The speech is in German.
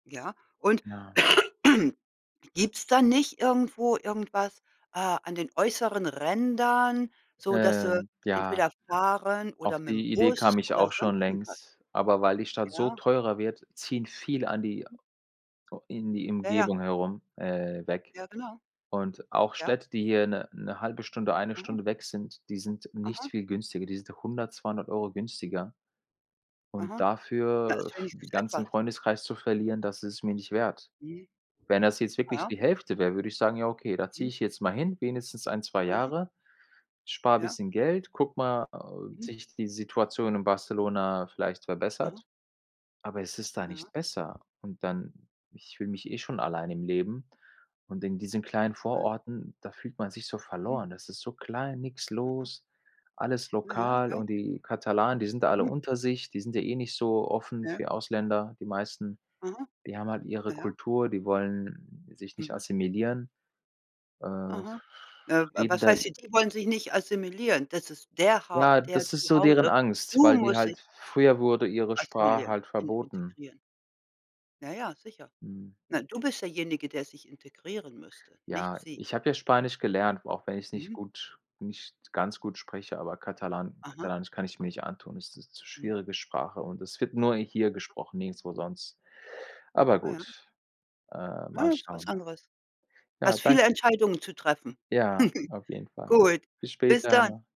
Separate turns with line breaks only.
Ja? Und
Ja.
gibt's da nicht irgendwo irgendwas, äh, an den äußeren Rändern, so dass du
Ähm, ja.
entweder fahren oder
Auf
mit dem
die Idee
Bus
kam ich
oder
auch
sonst
schon
irgendwas?
längst, aber weil die Stadt so
Ja.
teurer wird, ziehen viele an die
Mhm.
in die
Ja, ja.
Umgebung herum, äh, weg
Ja, genau.
und auch
Ja.
Städte, die hier 'ne 'ne 1/2 Stunde, 1
Mhm.
Stunde weg sind, die sind nicht
Mhm.
viel günstiger die sind 100, 200 €
Mhm.
günstiger. Und
Aha. Na,
dafür
ist
f den
wenigstens
ganzen
etwas.
Freundeskreis zu verlieren, das ist es mir nicht wert.
Mhm.
Wenn das jetzt
Ah,
wirklich
ja.
die Hälfte wäre, würde ich sagen: „Ja, okay, da ziehe
Mhm.
ich jetzt mal hin, wenigstens 1, 2
Aha.
Jahre, spare
Ja.
bisschen Geld, gucke mal, ob
Mhm.
sich die Situation in Barcelona vielleicht
Aha.
verbessert.” Aber es ist da nicht
Ja.
besser und dann ich fühle mich eh schon alleine im Leben und in diesen kleinen
[unintelligible]
Vororten, da fühlt man sich so
Mhm.
verloren das ist so klein, nix
Aha.
los, alles
Ja, ja,
lokal
ja.
und die Katalanen, die sind da alle
Mhm.
unter sich die sind ja eh nicht so offen
Ja.
für die Ausländer, die meisten.
Aha.
Die haben halt ihre
Ja, ja.
Kultur die wollen sich nicht
Mhm.
assimilieren, äh,
Aha. Äh,
leben
was
da i
heißt die die wollen sich nicht assimilieren? Das ist der Hau
Ja,
deren
das ist
zu
so deren
Hause.
Angst,
Du
weil die
musst dich
halt früher wurde ihre Sprache
assimilieren
halt
in
verboten.
integrieren. Ja, ja, sicher.
Hm.
Na, du bist derjenige, der sich integrieren müsste, nicht
Ja,
sie.
ich habe ja Spanisch gelernt, auch wenn ich es nicht
Mhm.
gut nicht ganz gut spreche, aber Katalan
Aha.
Katalanisch kann ich mir nicht antun ist 'ne zu
Mhm.
schwierige Sprache und es wird nur hier
[unintelligible]
gesprochen, nirgendswo sonst. Aber
Ah, ja.
gut, äh, mal
Ne, ist was
schauen.
anderes.
Ja,
Hast
dan
viele Entscheidungen zu treffen.
Ja, auf jeden Fall.
Gut,
Bis
bis dann.
später.